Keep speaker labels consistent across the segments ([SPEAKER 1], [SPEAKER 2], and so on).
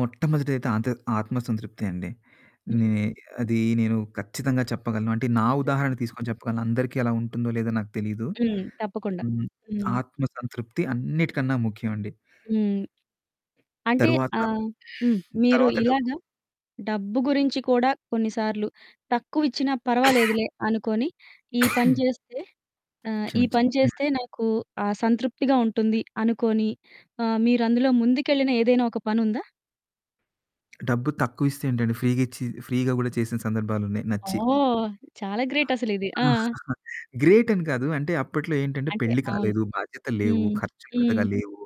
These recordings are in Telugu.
[SPEAKER 1] మొట్టమొదటిది అయితే ఆంతర్ ఆత్మ సంతృప్తి అండి. నే
[SPEAKER 2] హ్మ్.
[SPEAKER 1] అది నేను ఖచ్చితంగా చెప్పగలను. అంటే నా
[SPEAKER 2] హ్మ్.
[SPEAKER 1] ఉదాహరణ తీసుకొని చెప్పగలను. అందరికీ అలా ఉంటుందో లేదో నాకు తెలీదు.
[SPEAKER 2] హ్మ్. తప్పకుండా.
[SPEAKER 1] హ్మ్.
[SPEAKER 2] హ్మ్.
[SPEAKER 1] ఆత్మ సంతృప్తి అన్నిటికన్నా ముఖ్యమండి.
[SPEAKER 2] హ్మ్. అంటే
[SPEAKER 1] తరువాత
[SPEAKER 2] ఆహ్, హ్మ్. మీరు
[SPEAKER 1] తరువాత డబ్బు.
[SPEAKER 2] ఇలాగా డబ్బు గురించి కూడా కొన్ని సార్లు తక్కువిచ్చినా పర్వాలేదులే అనుకొని ఈ పని జేస్తే ఆహ్, ఈ
[SPEAKER 1] క్షమించండి.
[SPEAKER 2] పని
[SPEAKER 1] హ్మ్.
[SPEAKER 2] చేస్తే నాకు ఆహ్, సంతృప్తిగా ఉంటుంది అనుకొని ఆహ్, మీరందులో ముందుకెళ్ళిన ఏదైనా ఒక పనుందా?
[SPEAKER 1] డబ్బు తక్కువిస్తే ఏంటండి ఫ్రీగిచ్చి ఫ్రీగా కూడా చేసిన సందర్భాలున్నాయి నచ్చి.
[SPEAKER 2] ఓహ్! చాలా గ్రేట్ అసలిది. ఆ!
[SPEAKER 1] గ్రేటని గాదు. అంటే అప్పట్లో ఏంటంటే
[SPEAKER 2] అంటే
[SPEAKER 1] పెళ్లి
[SPEAKER 2] అవును.
[SPEAKER 1] కాలేదు. బాధ్యతలు లేవు.
[SPEAKER 2] హ్మ్.
[SPEAKER 1] ఖర్చులు
[SPEAKER 2] హ్మ్.
[SPEAKER 1] పెద్దగా లేవు.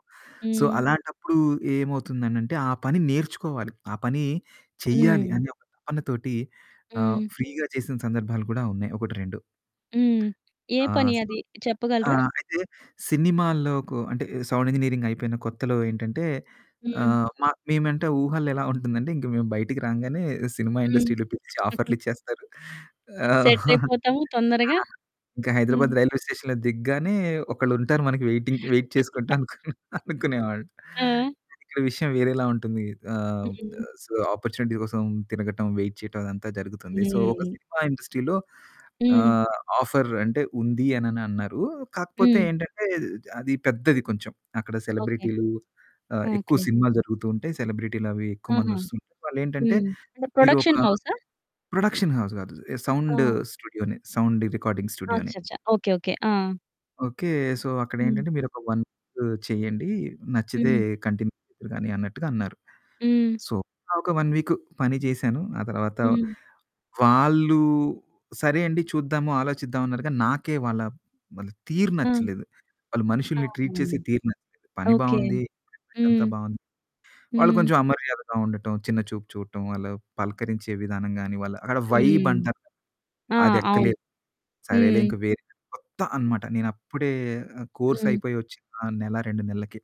[SPEAKER 1] సో
[SPEAKER 2] హ్మ్.
[SPEAKER 1] అలాంటప్పుడు ఏమవుతుందనంటే ఆ పని నేర్చుకోవాలి. ఆ పని చేయాలి
[SPEAKER 2] హ్మ్.
[SPEAKER 1] అనే ఒక తపన తోటి ఆహ్,
[SPEAKER 2] హ్మ్.
[SPEAKER 1] ఫ్రీగా చేసిన సందర్భాలు కూడా ఉన్నాయి 1, 2.
[SPEAKER 2] హ్మ్. ఏ
[SPEAKER 1] ఆహ్,
[SPEAKER 2] పని
[SPEAKER 1] సో
[SPEAKER 2] అది చెప్పగలరా?
[SPEAKER 1] ఆహ్, అయితే సినిమాల్లోకు అంటే సౌండ్ ఇంజినీరింగ్ అయిపోయిన కొత్తలో ఏంటంటే
[SPEAKER 2] హ్మ్.
[SPEAKER 1] ఆహ్, మ మేమంటే ఊహల్లో ఎలా ఉంటుందంటే ఇంక మేము బయటికి రాంగానే సినిమా
[SPEAKER 2] హ్మ్.
[SPEAKER 1] ఇండస్ట్రీలో పిలిచి ఆఫర్‌లిచ్చేస్తారు. ఆ!
[SPEAKER 2] సెటిలయిపోతాము తొందరగా.
[SPEAKER 1] ఆ! ఇంకా
[SPEAKER 2] హ్మ్.
[SPEAKER 1] హైదరాబాద్ రైల్వే స్టేషన్‌లో దిగగానే ఒకళ్ళుంటారు మనకి వేయిటింగ్ వేయిట్ చేసుకుంటా అనుకుని అనుకునేవాన్ని.
[SPEAKER 2] ఆ!
[SPEAKER 1] ఇక్కడ విషయం వేరేలా ఉంటుంది. ఆహ్, ద
[SPEAKER 2] హ్మ్.
[SPEAKER 1] సో ఆపార్చునిటీస్ కోసం తినగటం వేయిట్ చేయడం అదంతా జరుగుతుంది. సో ఒక
[SPEAKER 2] హ్మ్.
[SPEAKER 1] సినిమా ఇండస్ట్రీలో
[SPEAKER 2] హ్మ్.
[SPEAKER 1] ఆహ్, ఆఫర్ అంటే ఉంది అని అన్నారు. కాకపోతే
[SPEAKER 2] హ్మ్.
[SPEAKER 1] ఏంటంటే అది పెద్దది కొంచెం. అక్కడ
[SPEAKER 2] ఓకే.
[SPEAKER 1] సెలబ్రిటీలు ఆహ్, ఎక్కువ
[SPEAKER 2] ఓకే.
[SPEAKER 1] సినిమాలు జరుగుతూ ఉంటాయి. సెలబ్రిటీలవి ఎక్కువ మంది
[SPEAKER 2] ఆహా!
[SPEAKER 1] వస్తు ఉంటారు. వాళ్ళేంటంటే
[SPEAKER 2] హ్మ్. అంటే
[SPEAKER 1] మీరు ఒక
[SPEAKER 2] ప్రొడక్షన్ హౌసా?
[SPEAKER 1] ప్రొడక్షన్ హౌస్ గాదు సౌండ్
[SPEAKER 2] ఆ!
[SPEAKER 1] స్టూడియోనె. సౌండ్ రికార్డింగ్ స్టూడియోనె.
[SPEAKER 2] అచ్చచ్చ! Okay, okay. ఆ!
[SPEAKER 1] ఓకే. సో
[SPEAKER 2] హ్మ్.
[SPEAKER 1] అక్కడేంటంటే "మీరొక 1, 2 చేయండి. నచ్చితే
[SPEAKER 2] హ్మ్.
[SPEAKER 1] కంటిన్యూ చేద్దురుగాని" అన్నట్టుగా అన్నారు.
[SPEAKER 2] హ్మ్.
[SPEAKER 1] సో ఒక 1 వీకు పని జేశాను. ఆ తరువాత
[SPEAKER 2] హ్మ్.
[SPEAKER 1] వాళ్ళు "సరే అండి చూద్దాము. ఆలోచిద్దాం" అన్నారు గానీ నాకే వాళ్ళ వాళ్ళ తీరు
[SPEAKER 2] ఆ!
[SPEAKER 1] నచ్చలేదు. వాళ్ళు
[SPEAKER 2] ఆహా!
[SPEAKER 1] మనుషుల్ని ట్రీట్ చేసే తీరు నచ్చలేదు. పని
[SPEAKER 2] ఓకే.
[SPEAKER 1] బావుంది. [unintelligible] అంతా
[SPEAKER 2] హ్మ్.
[SPEAKER 1] బావుంది. వాళ్ళు
[SPEAKER 2] హ్మ్.
[SPEAKER 1] కొంచెం అమర్యాదగా ఉండటం, చిన్న చూపు చూడటం. వాళ్ళు పలకరించే విధానం గాని వాళ్ళు అక్కడ వైబ్
[SPEAKER 2] హ్మ్.
[SPEAKER 1] అంటారు.
[SPEAKER 2] ఆ! అవును.
[SPEAKER 1] అదెక్కలేదు. సరేలే
[SPEAKER 2] హ్మ్.
[SPEAKER 1] ఇంకా వేరే కొత్త అన్నమాట. నేను అప్పుడే ఆహ్,
[SPEAKER 2] హ్మ్.
[SPEAKER 1] కోర్సయిపోయి వచ్చిన నెల 2 నెల్లకె.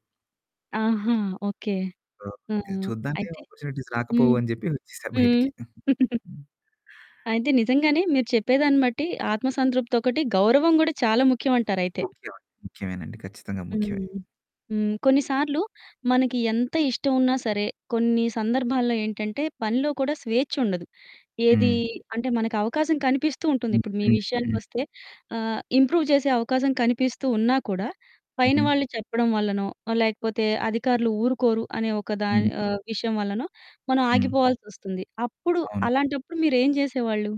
[SPEAKER 2] ఆహా! ఓకే. ఆ!
[SPEAKER 1] ఓకే. చూద్దాంలే
[SPEAKER 2] అయితే
[SPEAKER 1] ఆపార్చునిటీస్
[SPEAKER 2] హ్మ్.
[SPEAKER 1] రాకపోవు అని జెప్పి వచ్చేసా
[SPEAKER 2] హ్మ్.
[SPEAKER 1] బయటికి. హ్మ్.
[SPEAKER 2] అయితే నిజంగానే మీరు చెప్పేదాన్ని బట్టి ఆత్మ సంతృప్తి ఒకటి, గౌరవం గూడా చాలా ముఖ్యం అంటారు అయితే.
[SPEAKER 1] ముఖ్యమండి. ముఖ్యమేనండి ఖచ్చితంగా
[SPEAKER 2] హ్మ్.
[SPEAKER 1] ముఖ్యమే.
[SPEAKER 2] హ్మ్. కొన్నిసార్లు మనకి ఎంత ఇష్టం ఉన్నా సరే కొన్ని సందర్భాల్లో ఏంటంటే పనిలో కూడా స్వేఛ్చుండదు. ఏది
[SPEAKER 1] హ్మ్.
[SPEAKER 2] అంటే మనకవకాశం కనిపిస్తూ ఉంటుంది.
[SPEAKER 1] హ్మ్,
[SPEAKER 2] ఇప్పుడు మీ
[SPEAKER 1] హ్మ్, హ్మ్.
[SPEAKER 2] విషయానికొస్తే ఆహ్, ఇంప్రూవ్ చేసే అవకాశం కనిపిస్తూ ఉన్నా కూడా పైన
[SPEAKER 1] హుహు.
[SPEAKER 2] వాళ్ళు చెప్పడం వల్లనో లేకపోతే అధికారులు ఊరుకోరు అనే ఒక దాని
[SPEAKER 1] హ్మ్.
[SPEAKER 2] ఆహ్, విషయం వల్లనో మనం
[SPEAKER 1] హ్మ్.
[SPEAKER 2] ఆగిపోవాల్సొస్తుంది. అప్పుడు
[SPEAKER 1] అవును.
[SPEAKER 2] అలాంటప్పుడు మీరెం జేసేవాళ్ళు?